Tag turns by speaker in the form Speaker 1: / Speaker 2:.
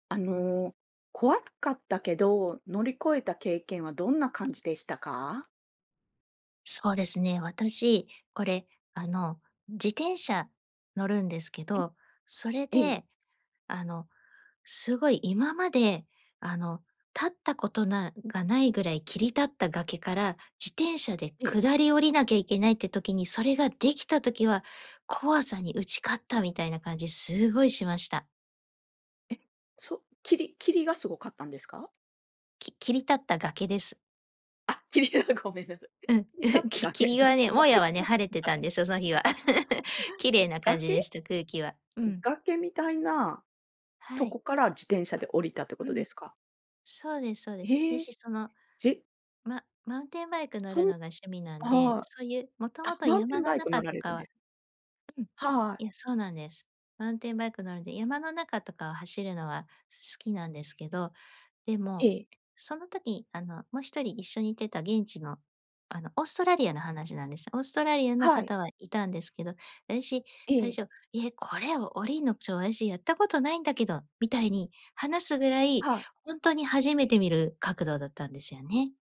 Speaker 1: あの、怖かったけど、乗り越えた経験はどんな感じでしたか？
Speaker 2: そうですね、私、これあの、自転車乗るんですけ
Speaker 1: うん。
Speaker 2: ど、それ
Speaker 1: ええ。
Speaker 2: で、あの、すごい今まで、あの、立ったことな、がないぐらい切り立った崖から自転車で
Speaker 1: ええ。
Speaker 2: 下り降りなきゃいけないって時に、それができた時は怖さに打ち勝ったみたいな感じすごいしました。
Speaker 1: え、そ、霧霧がすごかったんですか？
Speaker 2: き切り立った崖です。
Speaker 1: あ、霧じゃごめんなさい。
Speaker 2: うん、
Speaker 1: 切り立っ た
Speaker 2: き
Speaker 1: 崖崖
Speaker 2: 霧はね、
Speaker 1: が
Speaker 2: もや
Speaker 1: 入っ
Speaker 2: はね、晴れてたんですよ、その日は 綺
Speaker 1: た。
Speaker 2: 麗
Speaker 1: [unintelligible]
Speaker 2: な感じ
Speaker 1: 崖？
Speaker 2: でした、空気は。う
Speaker 1: うん。
Speaker 2: ん。
Speaker 1: 崖みたいな
Speaker 2: は
Speaker 1: と
Speaker 2: い。
Speaker 1: こから自転車で降りたっていうこ
Speaker 2: う
Speaker 1: とで
Speaker 2: ん、
Speaker 1: すか？
Speaker 2: そうですそうです。で
Speaker 1: ええ。
Speaker 2: しその、
Speaker 1: じ
Speaker 2: ママウンテンバイク乗
Speaker 1: そ
Speaker 2: る
Speaker 1: ん
Speaker 2: のが趣味なんで、
Speaker 1: ああ、
Speaker 2: そういう、もと
Speaker 1: あ、
Speaker 2: もと
Speaker 1: マウンテ
Speaker 2: 山
Speaker 1: ン
Speaker 2: の
Speaker 1: バイク乗
Speaker 2: 中
Speaker 1: ら
Speaker 2: と
Speaker 1: れる
Speaker 2: か
Speaker 1: んで
Speaker 2: は
Speaker 1: す。
Speaker 2: うん、
Speaker 1: はい。
Speaker 2: いや、そうなんです。マウンテンバイク乗るんで山の中とかを走るのは好きなんですけど、で
Speaker 1: え
Speaker 2: も、
Speaker 1: え。
Speaker 2: その時あのもう1人一緒に行ってた現地の、あの、オーストラリアの話なんです。オーストラリアの
Speaker 1: はい。
Speaker 2: 方はいたんですけど、私、
Speaker 1: え
Speaker 2: 最
Speaker 1: え。
Speaker 2: 初、え、これを降りんの、ちょ、あたし、やったことないんだけど、みたいに話すぐらい、
Speaker 1: はい。
Speaker 2: 本当に初めて見る角度だったんですよね。